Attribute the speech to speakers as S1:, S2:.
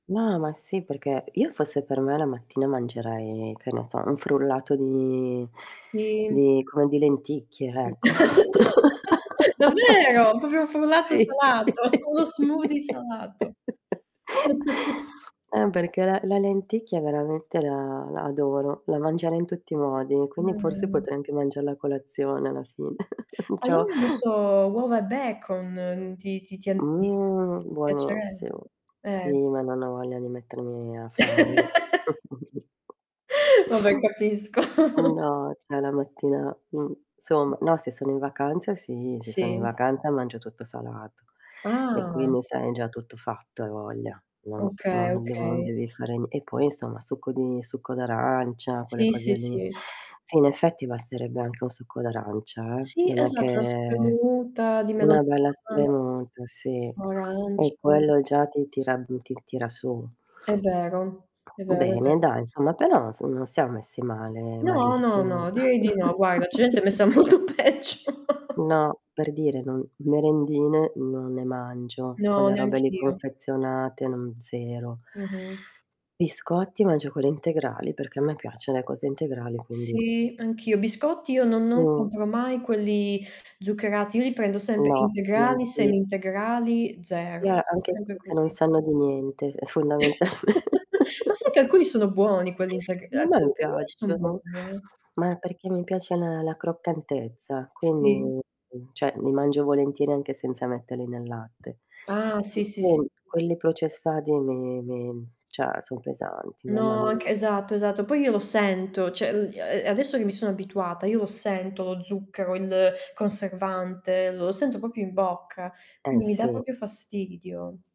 S1: No, ma sì perché io fosse per me la mattina mangerei, che ne so, un frullato di
S2: Sì.
S1: di come di lenticchie,
S2: Mh.
S1: ecco.
S2: Davvero, proprio frullato
S1: Sì.
S2: salato, uno smoothie salato.
S1: Ehm, perché la la lenticchia veramente la la adoro, la mangerei in tutti i modi, e quindi forse
S2: Mh-mh.
S1: potrei anche mangiarla a colazione alla fine. Diciamo
S2: Allora non so, uova e bacon, ti ti ti an ti
S1: Mhmm,
S2: piacerebbe?
S1: buonissimo. Sì,
S2: Eh.
S1: ma non ho voglia di mettermi a farle.
S2: Vabbè, capisco.
S1: No, cioè, la mattina mhmm,
S2: [unintelligible]
S1: somma, no se sono in vacanza sì, se sono in
S2: Sì.
S1: vacanza mangio tutto salato. E,
S2: Ah.
S1: quindi, sai, è già tutto fatto, hai voglia. No. No,
S2: Okay,
S1: non devono non
S2: okay.
S1: devi fare n e poi, insomma, succo di succo d'arancia, quelle
S2: Sì,
S1: cose
S2: sì,
S1: lì.
S2: sì.
S1: Sì, in effetti basterebbe anche un succo d'arancia, eh,
S2: Sì,
S1: non è
S2: esatto, la
S1: che
S2: spremuta di
S1: una bella
S2: melograno,
S1: spremuta sì,
S2: o
S1: e
S2: arancio.
S1: quello già ti tira mhmm, ti tira su.
S2: È vero, è vero, è
S1: Bene
S2: ve
S1: dai, insomma però non s non siam messi male,
S2: No, no,
S1: malissimo.
S2: no, direi di no, guarda, c'è gente messa molto peggio.
S1: eNo, per dire non merendine non ne mangio,
S2: No,
S1: quelle robe lì
S2: neanch'io.
S1: confezionate non 0.
S2: Mh-mh.
S1: Biscotti mangio quelli integrali, perché a me piaccion le cose integrali, quindi
S2: Sì, anch'io, biscotti io non non
S1: Mh.
S2: compro mai quelli zuccherati, io li prendo sempre:
S1: No,
S2: integrali,
S1: neanch'i
S2: semi integrali,
S1: E
S2: zero.
S1: a anche quelli
S2: Sempre
S1: che non
S2: così.
S1: sanno di niente, è fondamen
S2: Ma sai che alcuni sono buoni, quelli integr uhm,
S1: Ma a me non
S2: alcuni di lì son
S1: piacciono,
S2: buoni, eh?
S1: ma perché mi piace a me la la croccantezza,
S2: Sì.
S1: quindi cioè, li mangio volentieri anche senza metterli nel latte.
S2: Ah,
S1: E
S2: sì, sì, sì.
S1: quindi, quelli processati mi mi cioè, son pesanti, mamma
S2: No, anche
S1: mia.
S2: esatto, esatto. Poi io lo sento, cioè il gli a a adesso che mi sono abituata io lo sento lo zucchero, il conservante, lo sento proprio in bocca,
S1: Eh,
S2: quindi mi dà
S1: sì.
S2: proprio fastidio.